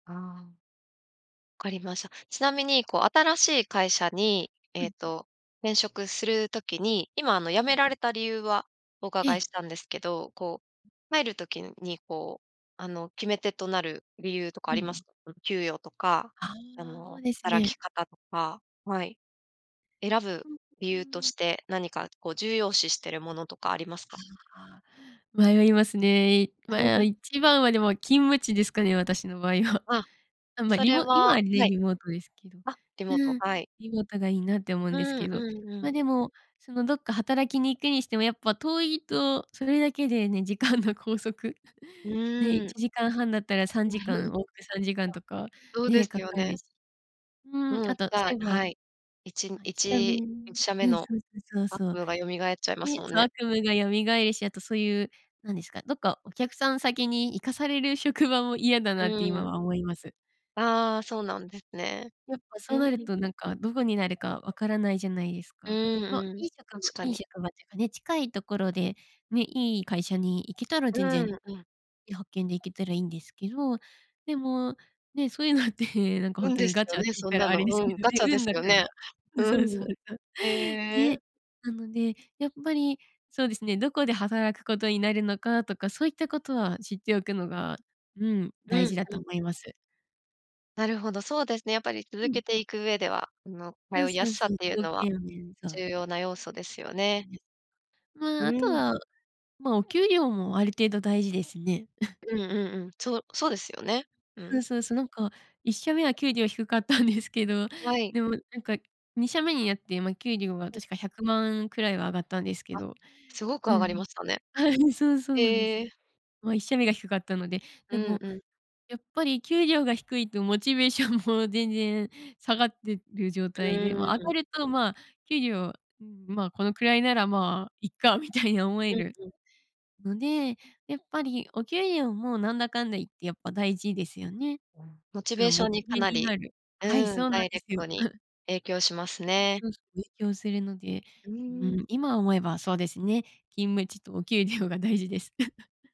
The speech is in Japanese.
ああ。分かりました。ちなみにこう新しい会社に、えうえん。と転職する時に、今あの辞うめん。られた理由はおえ伺いえ。したんですけど、こう、入る時にこう、あの決め手となる理由とかあうんりうますん。か？給与とか、あああ、その、うです働きね。方とか、はい。選ぶう、う理由とーん。して、何かこう重要視してるものとかありますか？ああ。迷いますね。いまあ、1番は、でも勤務地ですかね。私の場合は。あ、あ、ま、そリれモ今ははね、はい。リモートですけど、あ、リモート、うん。はい。リモートがいいなって思ううんですんけど、うんうまあ、ん。でも、そのどっか働きに行くにしても、やっぱ遠いとそれだけでね、時間の拘束、うね、いーん。ちじかんはんだったらさんじか わ。ん、往復3時間とかそうでね、すかよかるね。し。うん、うん、あじとそゃうあ、いえば、はい。いちんあ、いっいしゃめち1社目うん。のそうそうそう悪そう。夢が蘇っちゃいまで、すもんそ、ね。悪夢が蘇るし、あとそういうなんですか、どっかお客さん先に行かされる職場も嫌だなって、今うん。は思います。ああ、そうなんですね。やっぱうそうんなるうん。となんか、どこになるか分からないじゃないですうか。んまあ、うん、いい職場確かいいに。職場っていうかね、近いところでね、いい会社に行けたらう全ーん、然、うん。派遣で行けたらいいんですけど。でも、ね、そういうのってなんかほん運とでにすガよチャってね、言っそんたならあの。れですうけん、どね、ガチャで運すだよから。ね。うん。そううそん。うそう。へえ。ね、なので、やっぱりそうですね。どこで働くことになるのかとか、そういったことは知っておくのが、うん。う大ん事だとうん。思います。なるほど、そうですね。やっぱりう続けん。ていく上では、あの、そう通いやそうすさっそう。ていう条のは件をね、そう。重要な要素ですよね。ね。うまあ、あとん。は、まあ、お給料もある程度大事ですね。うんうんうん、そうそうですよね、うそん。うそうそう。なんか1社目は給料低かったんですけど、はい。でも、なんか2社目になって、まあ、給料がうん。確か100万くらいは上がったんですけあ、ど。すごくう上がりん。ましたね。そう、そうなんですへよ。え。まあ、1社目が低かったので。うでんも、うん。やっぱり給料が低いとモチベーションも全然下がってる状う態で、まーあ、上がん。ると、まあ、給料、うん、まあ、このくらいなら、まあいっか、みたいに思えうんるうん。ので、やっぱりお給料も、なんだかんだ言ってやっぱ大事ですよね。うん、モチあベのーショモンにチかベなにり、なる。うはい、ん。そうなダんイでレすクトよ。に 影響しますうんね。うん。勉強するので。うーうん。ん、今思えばそうですね、勤務地とお給料が大事です。